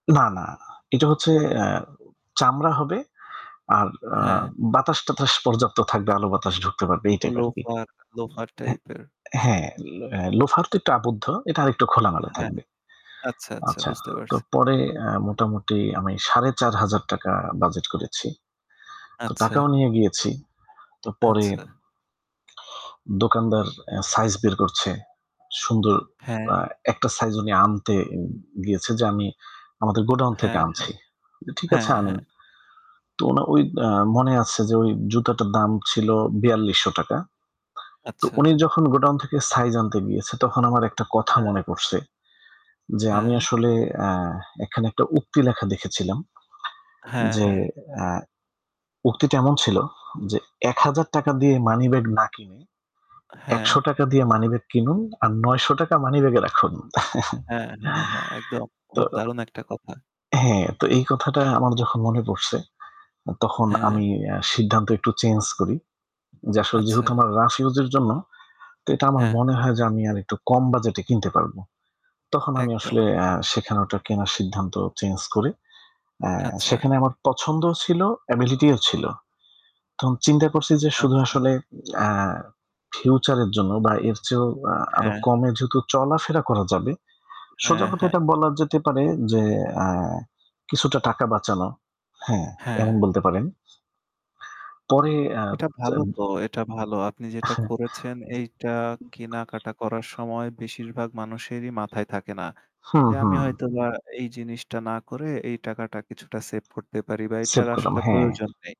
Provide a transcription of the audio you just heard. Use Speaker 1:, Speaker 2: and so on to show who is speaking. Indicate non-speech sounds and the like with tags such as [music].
Speaker 1: না, না। এটা হচ্ছে অ্যা চামড়া হবে আর আ
Speaker 2: হ্যাঁ।
Speaker 1: বাতাস-টাতাস পর্যাপ্ত থাকবে, আলো বাতাস ঢুকতে পারবে, এই টাইপ আরকি।
Speaker 2: লোফার লোফার
Speaker 1: এ
Speaker 2: টাইপের।
Speaker 1: হ্যা। এ ল লোফার তো একটু আবদ্ধ। এটা আরেকটু খোলামেলা
Speaker 2: হ্যাঁ,
Speaker 1: থাকবে।
Speaker 2: আচ্ছা, আচ্ছা।
Speaker 1: আচ্ছা।
Speaker 2: বুঝতে
Speaker 1: তো
Speaker 2: পারছি।
Speaker 1: পরে আ মোটামুটি আমি ৳৪,৫০০ বাজেট করেছি। তো
Speaker 2: আচ্ছা।
Speaker 1: টাকাও নিয়ে গিয়েছি। তো পরে
Speaker 2: আচ্ছা।
Speaker 1: দোকানদার আ সাইজ বের করছে। সুন্দর
Speaker 2: হ্যাঁ।
Speaker 1: আ একটা সাইজ উনি আনতে উ গিয়েছে যে, "আমি আমাদের গোডাউন থেকে
Speaker 2: হ্যাঁ, হ্যাঁ।
Speaker 1: আনছি। ঠিক আছে,
Speaker 2: হ্যাঁ,
Speaker 1: আনেন।"
Speaker 2: হ্যাঁ।
Speaker 1: তো উনার ওই মনে আছে যে ওই জুতোটার দাম ছিল ৳৪,২০০। তো
Speaker 2: আচ্ছা।
Speaker 1: উনি যখন গোডাউন থেকে সাইজ আনতে গিয়েছে তখন আমার একটা কথা
Speaker 2: হ্যাঁ।
Speaker 1: মনে পড়ছে। যে আমি
Speaker 2: হ্যাঁ।
Speaker 1: আসলে আ এখানে একটা উক্তি লেখা দেখেছিলাম
Speaker 2: হ্যাঁ,
Speaker 1: যে
Speaker 2: হ্যাঁ।
Speaker 1: অ্যা উক্তিটা এমন ছিল যে ৳১,০০০ দিয়ে মানিব্যাগ না কিনে
Speaker 2: আ হ্যাঁ।
Speaker 1: ৳১০০ দিয়ে মানিব্যাগ কিনুন আর ৳৯০০ মানিব্যাগে রাখুন।
Speaker 2: হ্যাঁ, হ্যাঁ, হ্যাঁ। একদম।
Speaker 1: [chuckles] তো
Speaker 2: খুব দারুণ একটা কথা।
Speaker 1: হ্যাঁ, তো এই কথাটা আমার যখন মনে পড়ছে অ তখন
Speaker 2: হ্যাঁ।
Speaker 1: আমি আ সিদ্ধান্ত একটু চেঞ্জ করি। যে আসলে যেহেতু
Speaker 2: আচ্ছা।
Speaker 1: আমার রাফ ইউজের জন্য তো এটা আমার
Speaker 2: হ্যাঁ।
Speaker 1: মনে হয় যে আমি আরেকটু কম বাজেটে কিনতে পারবো। তখন আমি আসলে
Speaker 2: একদম।
Speaker 1: আ সেখানে ওটা কেনার সিদ্ধান্ত চেঞ্জ করি। এ
Speaker 2: আচ্ছা।
Speaker 1: সেখানে আমার পছন্দও ছিল, ability ও ছিল। তখন চিন্তা করছি যে শুধু
Speaker 2: আচ্ছা।
Speaker 1: আসলে আ future এর জন্য বা এর চেয়েও আ আরও
Speaker 2: হ্যাঁ।
Speaker 1: কমে যেহেতু চলাফেরা করা যাবে। সোজা
Speaker 2: হ্যাঁ,
Speaker 1: কথা
Speaker 2: হ্যাঁ।
Speaker 1: এটা বলা যেতে পারে যে আ কিছুটা টাকা বাঁচানো। হ্যাঁ, এমন
Speaker 2: হ্যাঁ।
Speaker 1: বলতে পারেন। পরে আব
Speaker 2: এটা
Speaker 1: চা
Speaker 2: ভালো তো। এটা ভালো। আপনি যেটা করেছেন এইটা কেনাকাটা করার
Speaker 1: [chuckles]
Speaker 2: সময় বেশিরভাগ মানুষেরই মাথায় থাকে না।
Speaker 1: হু,
Speaker 2: যে
Speaker 1: হু।
Speaker 2: আমি হয়তোবা এই জিনিসটা না করে এই টাকাটা কিছুটা সেভ করতে পারি বা
Speaker 1: সেভ
Speaker 2: এটার
Speaker 1: করলাম,
Speaker 2: আসলে
Speaker 1: হ্যাঁ।
Speaker 2: প্রয়োজন নেই।